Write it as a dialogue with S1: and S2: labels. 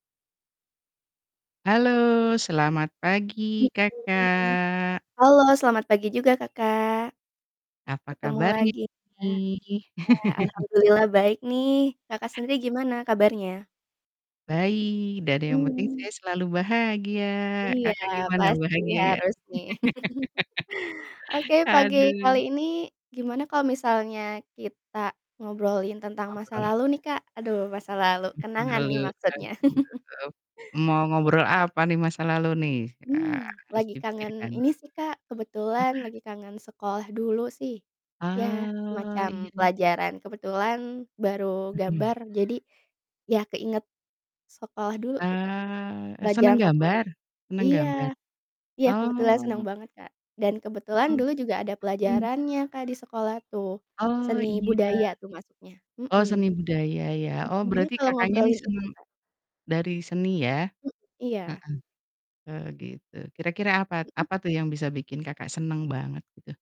S1: Halo selamat pagi
S2: Mhm,
S1: Kakak.
S2: halo selamat pagi juga Kakak,
S1: Apa
S2: ketemu
S1: kabarnya
S2: lagi ya.
S1: nih?
S2: Ya alhamdulillah baik nih, Kakak sendiri gimana kabarnya?
S1: Baik, dada yang penting
S2: Mmm.
S1: saya selalu bahagia,
S2: Iya
S1: Kakak gimana
S2: pasti
S1: bahagia nggak?
S2: harus nih. Oke pagi kali
S1: Aduh.
S2: ini gimana kalo misalnya kita ngobrolin tentang masa
S1: Ngobrol.
S2: lalu nih Kak? Aduh masa lalu,
S1: M
S2: kenangan
S1: halo,
S2: nih maksudnya.
S1: [unintelligible] mau ngobrol apa nih masa lalu nih? Eee,
S2: Mmm,
S1: harus
S2: lagi kangen
S1: dipikirkan.
S2: ini sih Kak, kebetulan lagi kangen sekolah dulu sih ya
S1: Ah,
S2: semacam
S1: iya iya iya.
S2: pelajaran, kebetulan baru
S1: Mhm.
S2: gambar jadi ya keinget sekolah dulu gitu,
S1: Ah, e seneng
S2: pelajaran favorit.
S1: gambar seneng
S2: Iya,
S1: gambar?
S2: iya kebetulan senang
S1: Oh.
S2: banget Kak, dan kebetulan
S1: Hmm,
S2: dulu juga ada
S1: mhm.
S2: pelajarannya Kak di sekolah tuh,
S1: Oh
S2: seni
S1: iya.
S2: budaya tuh masuknya.
S1: Oh
S2: Mhm.
S1: seni budaya ya,
S2: Mhm,
S1: oh
S2: gimana
S1: berarti
S2: kalau
S1: Kakaknya nih
S2: ngobrolin itu
S1: seneng
S2: Kak?
S1: dari seni ya.
S2: M iya.
S1: Heeh. Oh gitu, kira-kira apa t
S2: Mhm.
S1: apa tuh yang bisa bikin Kakak seneng banget gitu?